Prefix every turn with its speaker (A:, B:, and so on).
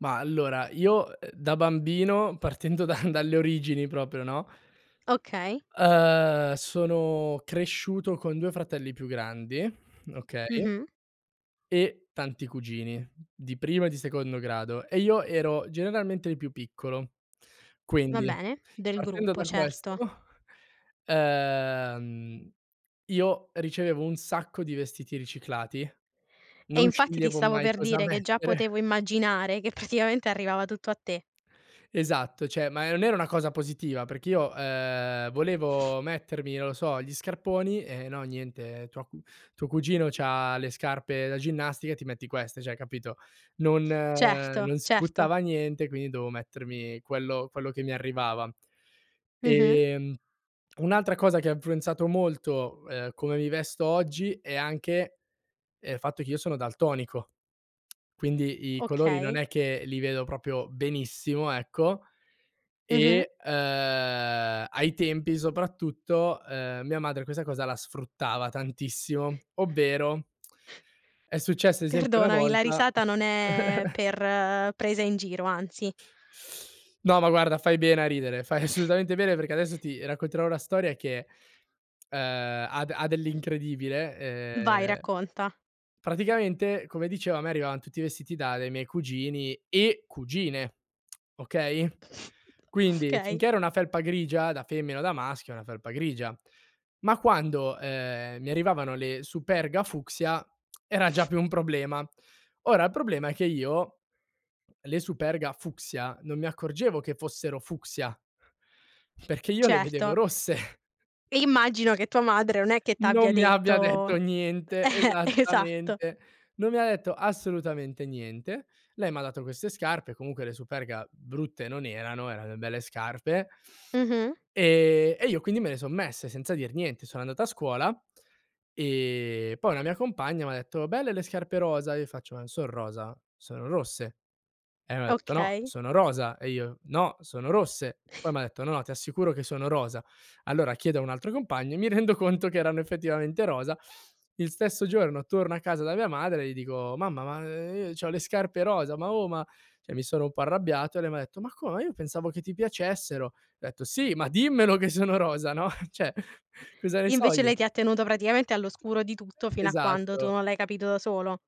A: Ma allora io, uhm, da bambino, partendo da dalle origini proprio, no?
B: Okay.
A: Ehm, sono cresciuto con 2 fratelli più grandi, okay.
B: Mh-mh.
A: E tanti cugini, di primo e di secondo grado e io ero generalmente il più piccolo.
B: Va
A: Quindi
B: bene, del
A: partendo
B: gruppo,
A: da questo
B: certo.
A: ehm, io ricevevo un sacco di vestiti riciclati,
B: E
A: non
B: infatti, ti
A: sceglievo
B: stavo
A: mai
B: per
A: cosa
B: dire, che già
A: mettere.
B: potevo immaginare che praticamente arrivava tutto a te.
A: Esatto, cioè, ma non era una cosa positiva perché io, ehm, volevo mettermi, non lo so, gli scarponi e no, niente, tua cu tuo cugino c'ha le scarpe da ginnastica e ti metti queste, cioè capito? Non
B: Certo,
A: non si
B: certo.
A: buttava niente, quindi dovevo mettermi quello quello che mi arrivava.
B: Mh-mh.
A: Ehm, un'altra cosa che ha influenzato molto, ehm, come mi vesto oggi è anche, ehm, il fatto che io sono daltonico, quindi i colori non
B: Okay.
A: è che li vedo proprio benissimo, ecco.
B: Mh-mh.
A: E, ehm, ai tempi soprattutto, ehm, mia madre questa cosa la sfruttava tantissimo, ovvero è successo esempio una
B: Perdonami, la
A: volta
B: risata non è per presa in giro, anzi.
A: No, ma guarda fai bene a ridere, fai assolutamente bene perché adesso ti racconterò una storia che, ehm, ha ha dell'incredibile,
B: Vai
A: ehm,
B: racconta.
A: praticamente come dicevo a me arrivavano tutti vestiti da dei miei cugini e cugine. Okay. Quindi
B: Okay.
A: finché era una felpa grigia da femmina o da maschio è una felpa grigia, ma quando, ehm, mi arrivavano le Superga fucsia era già più un problema. Ora, il problema è che io le Superga fucsia non mi accorgevo che fossero fucsia, perché io le vedevo
B: Certo.
A: rosse.
B: E immagino che tua madre non è che t'abbia
A: Non mi abbia
B: detto
A: detto niente,
B: eh, esatto.
A: esattamente. Non mi ha detto assolutamente niente. Lei m'ha dato queste scarpe, comunque le Superga brutte non erano, erano delle belle scarpe.
B: Mh-mh.
A: Ehm, e io quindi me le son messe senza dir niente. Sono andato a scuola, e poi una mia compagna m'ha detto: "Belle le scarpe rosa." Io faccio: "Ma non son rosa, sono rosse." E m'ha detto: "No,
B: Okay.
A: sono rosa." E io: "No, sono rosse." Poi m'ha detto: "No, no ti assicuro che sono rosa." Allora chiedo a un altro compagno, e mi rendo conto che erano effettivamente rosa. Il stesso giorno torno a casa da mia madre e gli dico: "Mamma, ma, ehm, i c'ho le scarpe rosa, ma, oh, ma" cioè mi sono un po' arrabbiato e lei m'ha detto: "Ma come? Io pensavo che ti piacessero?" Ho detto: "Sì, ma dimmelo che sono rosa, no, cioè cosa ne so
B: Invece
A: io?"
B: lei ti ha tenuto praticamente all'oscuro di tutto fino a quando tu
A: Esatto.
B: non l'hai capito da solo.